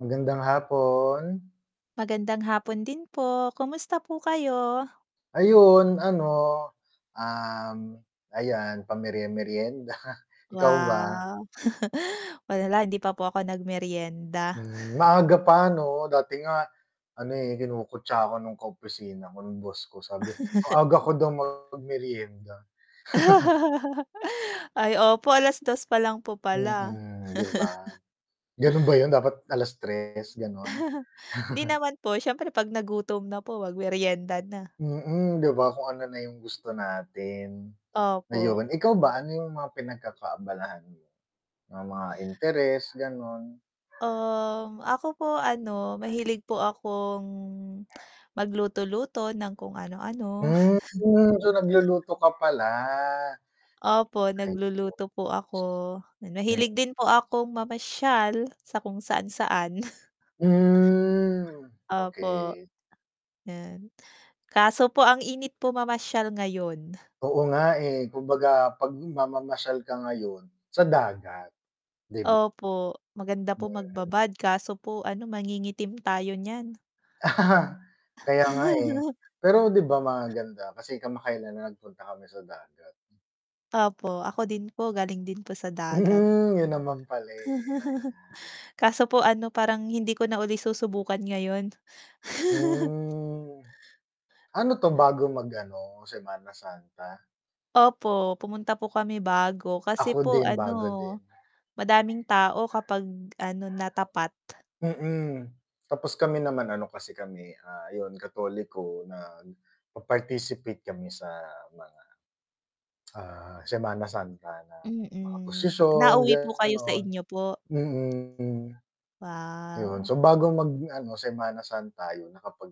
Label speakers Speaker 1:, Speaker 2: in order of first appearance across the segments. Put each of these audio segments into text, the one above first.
Speaker 1: Magandang hapon.
Speaker 2: Magandang hapon din po, kamusta po kayo?
Speaker 1: Ayun ano, um, ayan pamerye-meryenda. Ikaw ba?
Speaker 2: Wow, wala hindi pa po ako nag meryenda.
Speaker 1: Hmm, maaga pa 'no, dati nga ano, eh, kinukutya ako nung ka-opisina ko nung boss ko sabi, ang aga ko daw mag meryenda.
Speaker 2: Ay, opo 2:00 pa lang po pala.
Speaker 1: Mm, 'di ba? Gano'n ba 'yun, dapat 3:00, gano'n?
Speaker 2: Hindi naman po, siyempre 'pag nagutom na po mag meryenda na.
Speaker 1: Mm, 'di ba kung ano na yung gusto natin.
Speaker 2: Opo.
Speaker 1: Ayun, ikaw ba ano yung mga pinagkakaabalahan mo? Yung mga interes gano'n?
Speaker 2: Um, ako po ano mahilig po akong, mag luto-luto ng kung ano-ano.
Speaker 1: Hmm, so nagluluto ka pala.
Speaker 2: Opo, nagluluto po ako. Nahilig
Speaker 1: [unintelligible]
Speaker 2: din po akong mamasyal sa kung saan-saan.
Speaker 1: Hmm,
Speaker 2: Opo,
Speaker 1: okey.
Speaker 2: yan. Kaso po ang init po mamasyal ngayon.
Speaker 1: Oo nga, eh, kumbaga 'pag mamamasyal ka ngayon sa dagat, 'di ba?
Speaker 2: Opo, maganda po
Speaker 1: Mhm.
Speaker 2: magbabad, kaso po ano mangingitim tayo niyan.
Speaker 1: Kaya nga, eh. Pero 'di ba, maganda kasi kamakailan lang nagpunta kami sa dagat.
Speaker 2: Opo, ako din po galing din po sa dagat.
Speaker 1: 'Yun naman pala, eh, ayan.
Speaker 2: Kaso po ano, parang hindi ko na uli susubukan ngayon.
Speaker 1: Hmm. Ano 'to bago mag ano, Semana Santa?
Speaker 2: Opo, pumunta po kami bago, kasi
Speaker 1: Ako
Speaker 2: po
Speaker 1: din,
Speaker 2: ano,
Speaker 1: bago din.
Speaker 2: madaming tao kapag ano natapat.
Speaker 1: Mm, tapos kami naman ano kasi kami, ah, 'yun Katoliko nag, pa-participate kami sa mga, ah, Semana Santa na mga
Speaker 2: Mm,
Speaker 1: prosisyon,
Speaker 2: nauwi po kayo sa
Speaker 1: gano'n.
Speaker 2: inyo po?
Speaker 1: Mm. Yun,
Speaker 2: Wow.
Speaker 1: so bago mag ano Semanta Santa 'yun, nakapag,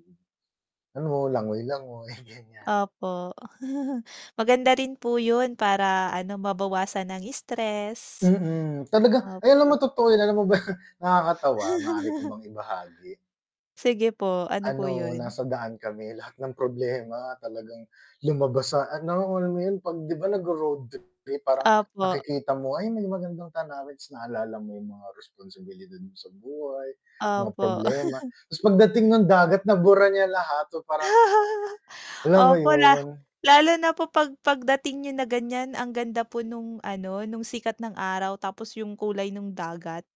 Speaker 1: ano langoy-langoy ganyan.
Speaker 2: Opo, maganda rin po 'yun para ano, mabawasan ang stress.
Speaker 1: Mm, talaga ay alam
Speaker 2: Opo.
Speaker 1: mo totoo yan, alam mo ba? Nakakatawa maari ko bang ibahagi.
Speaker 2: Sige po, ano po
Speaker 1: Ano,
Speaker 2: 'yun?
Speaker 1: nasa daan kami lahat ng problema talagang lumabas sa ano, alam mo 'yun? 'Pag 'di ba, 'pag nagro-roadtrip kayo parang
Speaker 2: Opo.
Speaker 1: nakikita mo nga, "Ayun, may magandang tanawin." Ta's naalala mo yung mga responsibilidad mo sa buhay, mga
Speaker 2: Opo.
Speaker 1: problema, ta's pagdating ng dagat nabura niya lahat so parang alam mo
Speaker 2: Opo, la
Speaker 1: 'yun?
Speaker 2: lalo na po pag pagdating niyo na ganyan ang ganda po nung ano nung sikat ng araw tapos yung kulay nung dagat.